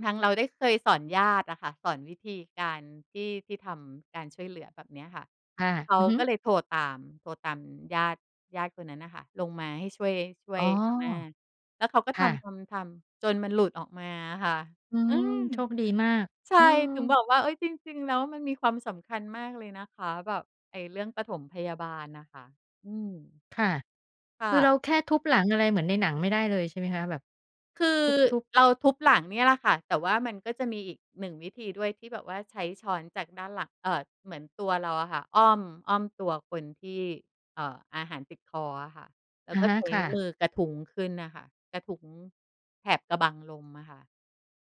ทางเราได้เคยสอนญาติอะค่ะ สอนวิธีการที่ ที่ทำการช่วยเหลือแบบเนี้ยค่ะ ค่ะ เขอาือฮึ ก็เลยโทรตาม โทรตามญาติ ญาติคนนั้นน่ะค่ะ ลงมาให้ช่วย ช่วอ๋อ ยอาม่า แล้วเขาก็คท่ะ ำ ๆ ๆ จนมันหลุดออกมาอะค่ะ อือืม ม โชคดีมาก ใช่ อืถึงอ บอกว่า เอ๊ย จริง ๆ แล้วมันมีความสำคัญมากเลยนะคะ แบบไอ้เรื่องปฐมพยาบาลน่ะค่ะ อืม ค่ะ ค่คือเระ าแค่ทุบหลังอะไรเหมือนในหนังไม่ได้เลยใช่ไหมคะ? แบบคือทุบ ๆ เราทุบหลังเนี่ยล่ะค่ะ แต่ว่ามันก็จะมีอีก 1 วิธีด้วย ที่แบบว่าใช้ช้อนจากด้านหลัง เอ่อ เหมือนตัวเราอะค่ะ อ้อม อ้อมตัวคนที่ เอ่อ อาหารติดคออะค่ะ แล้อวะก็ฮะ ใช้ค่ะ มือกระทุ้งขึ้นน่ะค่ะ กระทุ้งแถบกะบังลมอะค่ะ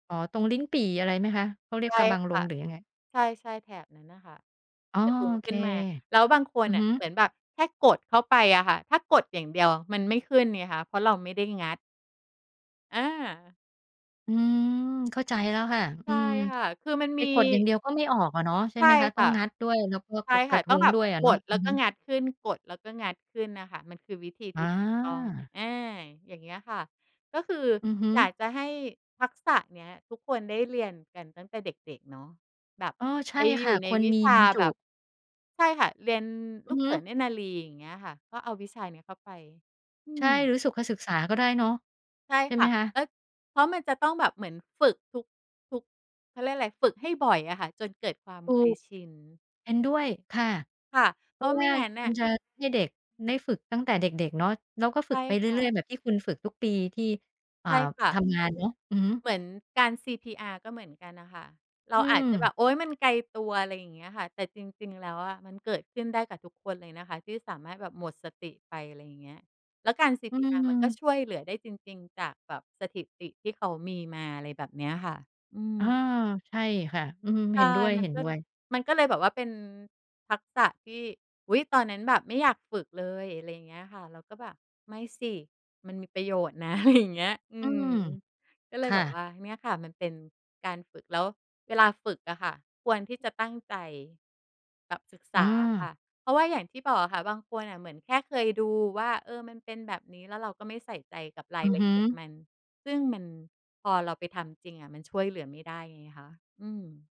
อ๋อ ตรงลิ้นปี่อะไรไหมคะ? เขาเรีใยชก่กะบังลค่มะ หรือยังไง? ใช่ ๆ แถบนั้นน่ะค่ะ อ๋อ กระทุ้งโอขเค ึ้นมา แล้วบางคอืนอน่ฮะึ เหมือนแบบแค่กดเข้าไปอะค่ะ ถ้ากดอย่างเดียวมันไม่ขึ้นไงคะ เพราะเราไม่ได้งัด อา อืม เข้าใจแล้วค่ะ ใอชื่ม ค่ะ คือมันไปมี กดอย่างเดียวก็ไม่ออกอะเนาะ ใช่ใชไหม่คะ? ตค้อ่งะ งัดด้วย แล้วก็ใชก่ระ กคร่ะ ะทตุ้อ้งงแบดบ้วยอะกเนาะ ดแอลื้อวกฮ็ึ งัดขึ้น กดแล้วก็งัดขึ้นน่ะค่ะ มันคือวิธีอที่ ต้อง า อา อย่างเงี้ยค่ะ ก็คืออือฮึ อยากจะให้ทักษะเนี้ยทุกคนได้เรียนกันตั้งแต่เด็ก ๆ เนาะ แบบอ๋อ ใชไ่ปอคยู่ะ ่ในควรวิมีชาบรรจแบุ บ ใช่ค่ะ เรียนอืลูอกฮเึ สือ เนตรนารี อย่างเงี้ยค่ะ ก็เอาวิชานี้เข้าไป อืใช่ หรอ ือสุขศึกษาก็ได้เนาะ ใช่ใช่คไหม่ะ คะ? และ เพราะมันจะต้องแบบเหมือนฝึกทุก ทุก เขาเรียกไร ฝึกให้บ่อยอะค่ะ จนเกิดความถูเคยก ชิน เห็นด้วยค่ะ ค่ะ เเพพรราาะวะ่าวไม่่างั้นนมั่นะ จะให้เด็กได้ฝึกตั้งแต่เด็ก ๆ เนาะ แล้วก็ฝใชึ่กไปเรค่ื่อะ ย ๆ แบบที่คุณฝึกทุกปี ที่ อ่า ใช่ค่ทะ ำงานเนาะ อือฮึ เหมือนการ CPR ก็เหมือนกันน่ะค่ะ เรอาือาจจะแบม บ โอ๊ย มันไกลตัว ไรอย่างเงี้ยค่ะ แต่จริง ๆ แล้วอะมันเกิดขึ้นได้กับทุกคนเลยนะคะ ที่สามารถแบบหมดสติไป ไรเงี้ย แล้วการ อืCPR มันก็ม ช่วยเหลือได้จริง ๆ จากแบบสถิติที่เขามีมา อะไรแบบเนี้ยค่ะ อือา ม ใช่ค่ะ อืม ใชเห็่ นด้มันก็ วย ๆ มันก็เลยแบบว่าเป็นทักษะที่ อุ๊ย! ตอนนั้นแบบไม่อยากฝึกเลย ไรเงี้ยค่ะ เราก็แบบ "ไม่สิ มันมีประโยชน์นะ" อะไรอย่าง เงี้ย อือืม ม ก็เลคย่แบบะ ว่าเนี่ยค่ะมันเป็นการฝึก แล้วเวลาฝึกอะค่ะ ควรที่จะตั้งใจแบบศึกษอาอะค่า ะ เพราะว่าอย่างที่บอกอะค่ะ บางคนน่ะเหมือนแค่เคยดูว่า เออ มันเป็นแบบนี้ แล้วเราก็ไม่ใส่ใจกับราอยือลฮะึ เอียดมัน ซึ่งมัน พอเราไปทำจริงอะมันช่วยเหลือไม่ได้ไงคะ อืม